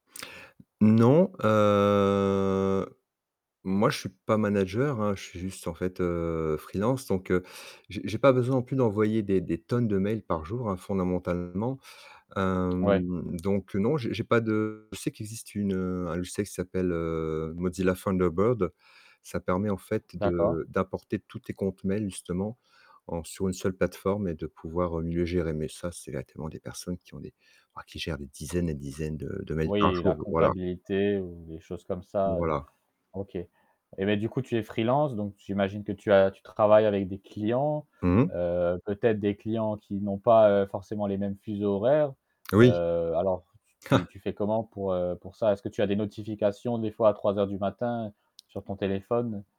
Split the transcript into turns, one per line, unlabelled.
Non, heu, moi je suis pas manager hein, je suis juste, en fait, heu, freelance, donc heu, j'ai j'ai pas besoin non plus d'envoyer des des tonnes de mails par jour, hein, fondamentalement.
Ouais.
Hem, donc non, j'ai j'ai pas de je sais qu'il existe une, heu un logiciel qui s'appelle heu, Mozilla Thunderbird. Ça permet en fait
D'accord.
de d'apporter tous tes comptes mails justement, en sur une seule plateforme et de pouvoir, heu, mieux gérer, mais ça c'est ah tu es loin des personnes qui ont des wouah, qui gèrent des dizaines et dizaines de de mails par
Oui,
jour,
la
voilà.
comptabilité ou les choses comme ça, ouais,
Voilà.
OK. Et beh, du coup, tu es freelance, donc j'imagine que tu as tu travailles avec des clients?
Mmh.
Heu, peut-être des clients qui n'ont pas, heu, forcément les mêmes fuseaux horaires?
Oui.
Heu, alors, tu tu tu fais comment pour, heu, pour ça? Est-ce que tu as des notifications des fois à 3:00 du matin, sur ton téléphone?